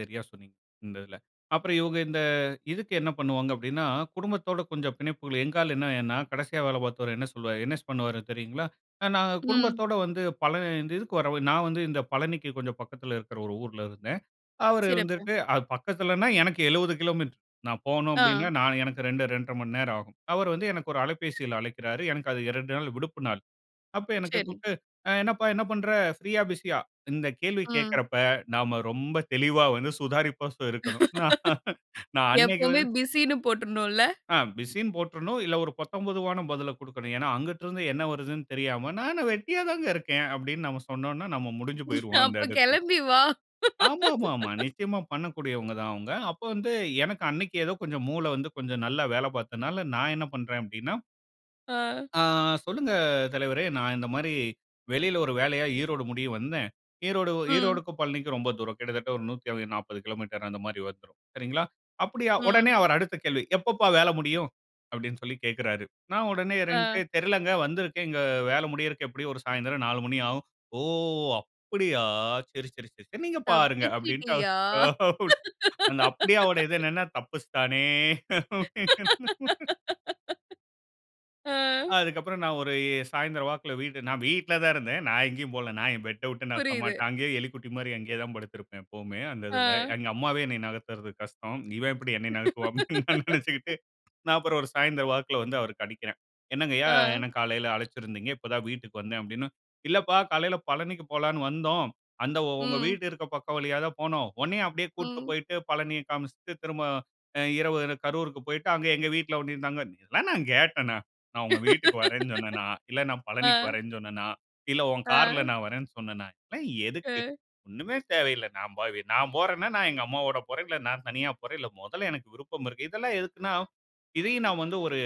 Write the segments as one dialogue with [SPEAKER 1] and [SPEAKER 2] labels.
[SPEAKER 1] சரியா சொன்னீங்க, இந்த இதில. அப்புறம் இவுங்க இந்த இதுக்கு என்னா பண்ணுவாங்க, அப்டின்னா, குடும்பத்தோட கொஞ்சம் பிணைப்புகள் எங்க ஆளு என்னா என்னா, கடைசியா வேல பாத்தவரு, என்ன சொல்வார், என்ன பண்ணுவாரு தெரியுங்களா? அ நாங்க
[SPEAKER 2] ம்.
[SPEAKER 1] குடும்பத்தோட வந்து பழ இந்த இதுக்கு வரவே நான் வந்து இந்த பழனிக்கு கொஞ்சம் பக்கத்துல இருக்கு ஒரு ஊர்ல இருந்தேன். அவரு
[SPEAKER 2] சிறப்பு.
[SPEAKER 1] வந்துட்டு, அது பக்கத்திலன்னா, எனக்கு 70 கிலோமீட்டரு. நான் போணும்! அப்டின்னா,
[SPEAKER 2] ஆ.
[SPEAKER 1] நானு எனக்கு 2, 2 1/2 மணி நேரம் ஆகும். அவர் வந்து எனக்கு ஒரு அலைபேசியில அழைக்கிறாரு. எனக்கு அது 2 நாள் விடுப்பு நாள். அப்ப எனக்கு
[SPEAKER 2] சரி.
[SPEAKER 1] கூப்புட்டு, "அ என்னப்பா என்ன பண்ணுற? ப்ரீயா, பிசியா?" இந்த கேள்வி
[SPEAKER 2] ம்.
[SPEAKER 1] கேக்கறப்ப, நாம ரொம்ப தெளிவா வந்து சுதாரிப்பா இருக்கணும். நான் அன்னைக்கு
[SPEAKER 2] எப்பவுமே
[SPEAKER 1] வந்து
[SPEAKER 2] பிசின்னு போட்றணும்ல!
[SPEAKER 1] அ பிசின்னு போட்டுறணும், இல்ல ஒரு பொத்தம்பொதுவான பதில குடுக்கணும். ஏன்னா, அங்குட்ருந்து என்ன வருதுன்னு தெரியாம "நான் என்ன வெட்டியாதாங்க இருக்கேன்." அப்டின்னு நம்ம சொன்னோன்னா, நம்ம முடிஞ்சு போய்ருவோம் அந்த
[SPEAKER 2] அப்ப
[SPEAKER 1] இடத்தில.
[SPEAKER 2] கெளம்பி வா
[SPEAKER 1] ஆமா, ஆமா, ஆமா. நிச்சியமா பண்ணக்கூடியவங்க தான் அவுங்க. அப்ப வந்து, எனக்கு அன்னைக்கு ஏதோ கொஞ்சம் மூளை வந்து கொஞ்சம் நல்லா வேல பாத்ததனால, நான் என்ன பண்றேன் அப்டின்னா,
[SPEAKER 2] ஆ,
[SPEAKER 1] "ஆ சொல்லுங்க! தலைவரே நான் இந்த மாரி வெளில ஒரு வேலையா ஈரோடு முடிய வந்தேன்" ஈரோடு, வ
[SPEAKER 2] ம்.
[SPEAKER 1] ஈரோடுக்கும் பழனிக்கும் ரொம்ப தூரம். கிட்டத்தட்ட ஒரு 140 கிலோமீட்டர் அந்த மாரி வந்துரும். சரிங்களா? அப்டியா, உடனே
[SPEAKER 2] ம்.
[SPEAKER 1] அவர் அடுத்த கேள்வி "எப்பப்பா வேல முடியும்?" அப்டின்னு சொல்லி கேக்குறாரு. நான் உடனே ரென்டு
[SPEAKER 2] ஆ,
[SPEAKER 1] எ "தெரிலங்க, வந்திருக்கேன். இங்க வேல முடியறக்கு எப்டியும் ஒரு சாயந்திரம் 4 மணி ஆகும்." "ஓ! அப்டியா! சரி, சரி, சரி நீங்க பாருங்க" அப்டிண்ட்டு
[SPEAKER 2] "தப்பிச்சிட்டியா?"
[SPEAKER 1] அந்த அப்டியாவோட இது என்னான்னா, தப்பிச்சுட்டானே!
[SPEAKER 2] அ.
[SPEAKER 1] அதுக்கப்புறம் நான் ஒரு எ சாயந்திரம் வாக்குல வீடு நான் வீட்ல தான் இருந்தேன். நான் எங்கேயும் போல. நான் என் பெட்ட உட்டு நான் [unintelligible]
[SPEAKER 2] புரியுது.
[SPEAKER 1] மாட்டேன். அங்கேயே, எலிக்குட்டி மாரி அங்கேயே தான் படுத்திருப்பேன். எப்பவுமே அந்த இதில.
[SPEAKER 2] ஆ,
[SPEAKER 1] "எங்க அம்மாவே என்னைய நகத்துறது கஷ்டம். இவன் எப்டி என்னைய நகத்துவான்?" அப்டின்னு நெனச்சுக்கிட்டு, நான் அப்புறம் ஒரு சாயந்திரம் வாக்குல வந்து அவருக்கு அடிக்கிறேன். "என்னங்கய்யா,
[SPEAKER 2] ஆ.
[SPEAKER 1] என்ன காலையில அழைச்சிருந்தீங்க, இப்ப தான் வீட்டுக்கு வந்தேன்" அப்டின்னு. "இல்லப்பா காலையில பழனிக்கு போலான்னு வந்தோம். அந்த ஒங்க
[SPEAKER 2] ம்.
[SPEAKER 1] வீடு இருக்க பக்கம் வழியா தான் போனோம். ஒன்னய அப்டியே கூட்டு
[SPEAKER 2] ம்.
[SPEAKER 1] போய்ட்டு, பழனியை காமிச்சுட்டு, திரும்ப அ இரவு கரூருக்கு போய்ட்டு, அங்க எங்க வீட்ல ஒன்னய தங்க" இதெல்லாம் நான் கேட்டனா? நான் உங்க வீட்டுக்கு வரேன்னு சொன்னேனா? இல்ல நான் பழனிக்கு
[SPEAKER 2] ஆ,
[SPEAKER 1] வரறேன்னு சொன்னேனா? இல்ல உன் கார்ல
[SPEAKER 2] ஆ,
[SPEAKER 1] நான் வரறேன்னு சொன்னேனா? எல்லாம் எதுக்கு?
[SPEAKER 2] அ,
[SPEAKER 1] ஒண்ணுமே தேவையில்ல. நான் பாவி நான் போறேன்னா, நான் எங்க அம்மாவோட போறேன். இல்ல நான் தனியா போறேன். இல்ல மொதல்ல எனக்கு விருப்பம் இருக்கு. இதெல்லாம் எதுக்குன்னா, இதையும் நான் வந்து ஒரு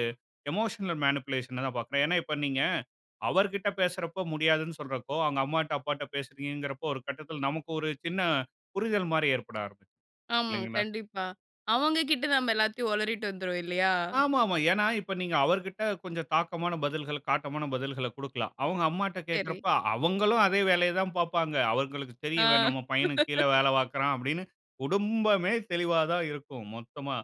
[SPEAKER 1] எமோஷனல் மேனிப்புலேஷனா தான் பாக்குறேன். ஏன்னா இப்ப நீங்க அவர் கிட்ட பேசுறப்ப முடியாதுன்னு சொல்றப்போ, அவுங்க அம்மாட்ட, அப்பாட்ட பேசுறீங்கங்கறப்போ, ஒரு கட்டத்தில நமக்கு ஒரு சின்ன புரிதல் மாரி ஏற்பட ஆரம்பிச்சு
[SPEAKER 2] ஆமா.
[SPEAKER 1] இல்லைங்களா?
[SPEAKER 2] கண்டிப்பா. அவங்க கிட்ட நம்ப எல்லாத்தையும் உளறிவிட்டு வந்துருவோம் இல்லையா?
[SPEAKER 1] ஆமா, ஆமா. ஏன்னா இப்ப நீங்க அவர் கிட்ட கொஞ்சம் தாக்கமான பதில்கள, காட்டமான பதில்கள, குடுக்கலாம். அவுங்க அம்மாட்ட
[SPEAKER 2] சரி.
[SPEAKER 1] கேக்குறப்ப, அவுங்களும் அதே வேலைய தான் பாப்பாங்க. அவங்களுக்கு தெரியும். "இவன்
[SPEAKER 2] ஆ.
[SPEAKER 1] நம்ம பையனுக்கு கீழ வேல பாக்குறான்" அப்டின்னு குடும்பமே தெளிவா தான் இருக்கும், மொத்தமா.